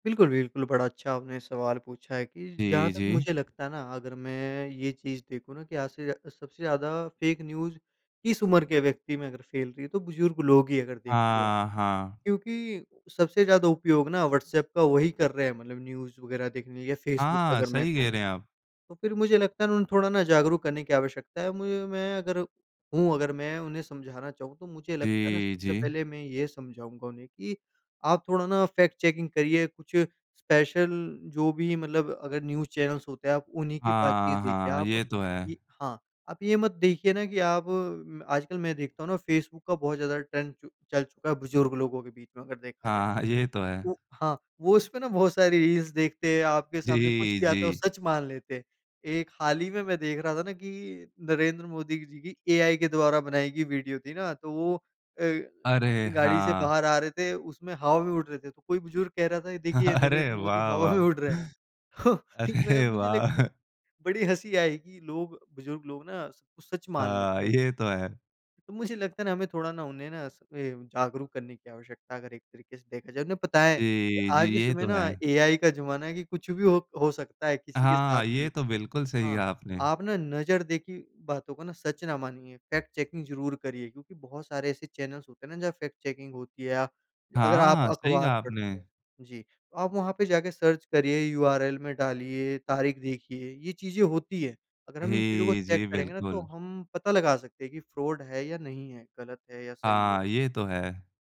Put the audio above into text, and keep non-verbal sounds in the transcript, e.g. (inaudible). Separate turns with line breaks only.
बिल्कुल, बिल्कुल, बड़ा अच्छा आपने सवाल पूछा है कि जहाँ
जी,
तक
जी।
मुझे लगता है ना, अगर मैं ये चीज़ देखूँ ना कि आज से जा सबसे ज़्यादा फ़ेक न्यूज़, किस उम्र के व्यक्ति में अगर फ़ैल रही है, तो बुज़ुर्ग लोग ही हैं, अगर देखा जाए।
हाँ, हाँ।
क्योंकि सबसे ज़्यादा उपयोग ना, व्हाट्सएप का वही कर रहे हैं, मतलब न्यूज़ वगैरह देखने के लिए या फेसबुक पे,
हाँ,
अगर मैं
सही कह
कहूँ।
रहे हैं आप।
तो फिर मुझे लगता है ना, उन्हें थोड़ा ना जागरूक करने की आवश्यकता है। मुझे मैं अगर हूँ, अगर मैं उन्हें समझाना चाहूँ, तो मुझे लगता है ना,
जी,
सबसे
जी।
पहले मैं ये समझाऊँगा उन्हें कि, "आप थोड़ा ना, फैक्ट चेकिंग करिए, कुछ स्पेशल, जो भी मतलब अगर न्यूज़ चैनल्स होते हैं, आप उन्हीं की बातचीत
हाँ,
देखिए।"
हाँ,
आप
ये तो
इ
है।
हाँ, आप ये मत देखिए ना, कि आप आजकल मैं देखता हूँ ना, फेसबुक का बहुत ज़्यादा ट्रेंड चु चल चुका है, बुज़ुर्ग लोगों के बीच में, अगर देखा जाए।
हाँ, ये तो है।
ओ हाँ, वो उसपे ना, बहुत सारी रील्स देखते हैं, आपके सामने कुछ
जी,
भी आता है, वो
जी।
सच मान लेते हैं। एक हाल ही में, मैं देख रहा था ना कि नरेंद्र मोदी जी की एआई के द्वारा बनाई गई वीडियो थी ना, तो वो अ,
अरे!
अपनी गाड़ी से
हाँ।
बाहर आ रहे थे, उसमें हवा में उड़ रहे थे। तो कोई बुज़ुर्ग कह रहा था, "ये देखिए,
अरे,
नरेंद्र मोदी
वाह!
हवा
वाह!
में उड़ रहे हैं।" (chuckles) ठीक, मैं
अरे,
मुझे
वाह!
लेकिन बड़ी हँसी आई कि लोग बुज़ुर्ग लोग ना, सब कुछ सच मान
हाँ,
लेते हैं।
ये तो है।
मुझे लगता है ना, हमें थोड़ा ना, उन्हें ना, इसपे जागरूक करने की आवश्यकता, अगर एक तरीके से देखा जाए। उन्हें बताएँ
जी, जी,
आज के
ये
समय
तो
ना,
है।
एआई का ज़माना है कि कुछ भी हो हो सकता है, किसी के साथ
हाँ, ये
भी।
तो बिल्कुल सही
हाँ,
कहा आपने।
आप ना नज़र देखी बातों को ना, सच ना मानिए, फ़ैक्ट चेकिंग ज़रूर करिए। क्योंकि बहुत सारे ऐसे चैनल्स होते हैं ना, जहाँ फ़ैक्ट चेकिंग होती है, या अगर आप
हाँ, सही
अखबार
कहा
पढ़ते
आपने।
हैं, जी, तो आप वहाँ पे जाके सर्च करिए, यूआरएल में डालिए, तारीख देखिए, ये चीज़ें होती हैं। अगर हम इन चीज़ों को
जी,
चेक
जी,
करेंगे ना, तो
बिल्कुल।
हम पता लगा सकते हैं कि फ्रॉड है या नहीं है, गलत है या सही है।
हाँ, ये तो है।